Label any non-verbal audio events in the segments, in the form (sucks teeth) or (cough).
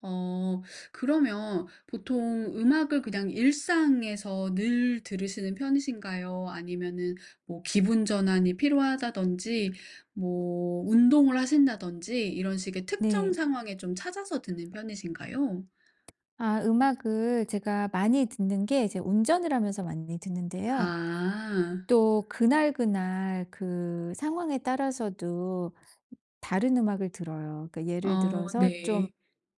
어. 그러면 보통 음악을 그냥 일상에서 늘 들으시는 편이신가요 아니면은 뭐 기분 전환이 필요하다든지 뭐 운동을 하신다든지 이런 식의 특정 네. 상황에 좀 찾아서 듣는 편이신가요? 아 음악을 제가 많이 듣는 게 이제 운전을 하면서 많이 듣는데요 아. 또 그날그날 그 상황에 따라서도 다른 음악을 들어요. 그러니까 예를 어 들어서 '좀 네.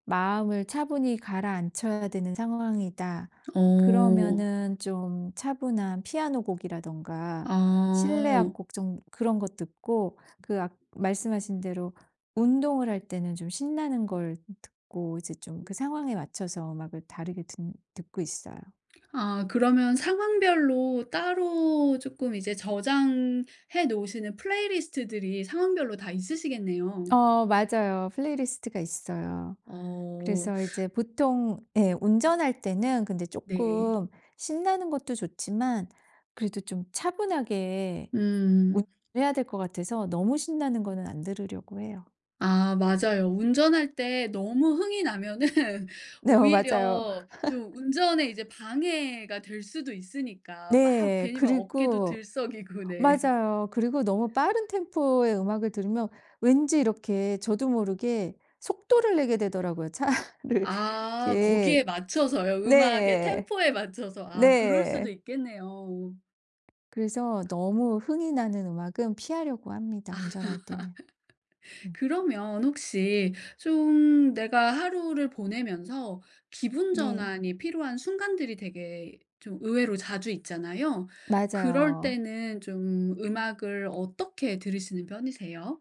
마음을 차분히 가라앉혀야 되는 상황이다.' 어. 그러면은 좀 차분한 피아노곡이라든가 실내 아. 악곡 좀 그런 거 듣고 그 악 말씀하신 대로 운동을 할 때는 좀 신나는 걸 듣고 이제 좀 그 상황에 맞춰서 음악을 다르게 든 듣고 있어요. 아 그러면 상황별로 따로 쪼끔 이제 저장해 놓으시는 플레이리스트들이 상황별로 다 있으시겠네요. 어 맞아요. 플레이리스트가 있어요. 어. 그래서 이제 (sucks teeth) 보통 예 운전할 때는 근데 네. 쪼끔 신나는 것도 좋지만 그래도 좀 차분하게 음. 운전해야 될 것 같아서 너무 신나는 거는 안 들으려고 해요. 아 맞아요. 운전할 때 너무 흥이 나면은 네 어 맞아요. 오히려 좀 (laughs) 운전에 이제 방해가 될 수도 있으니까 막 네. 괜히 막 어깨도 그리고 들썩이고 네. 맞아요. 그리고 너무 빠른 템포의 음악을 들으면 왠지 이렇게 저도 모르게 속도를 내게 되더라고요 차를 아 거기에 이렇게 맞춰서요. 음악의 네. 템포에 맞춰서 아 그럴 수도 네. 있겠네요. 그래서 너무 흥이 나는 음악은 피하려고 합니다, 운전할 때는. (laughs) 음. 그러면 혹시 좀 내가 하루를 보내면서 기분 네. 전환이 필요한 순간들이 되게 좀 의외로 자주 있잖아요. 그럴 맞아요. 때는 좀 음악을 어떻게 들으시는 편이세요?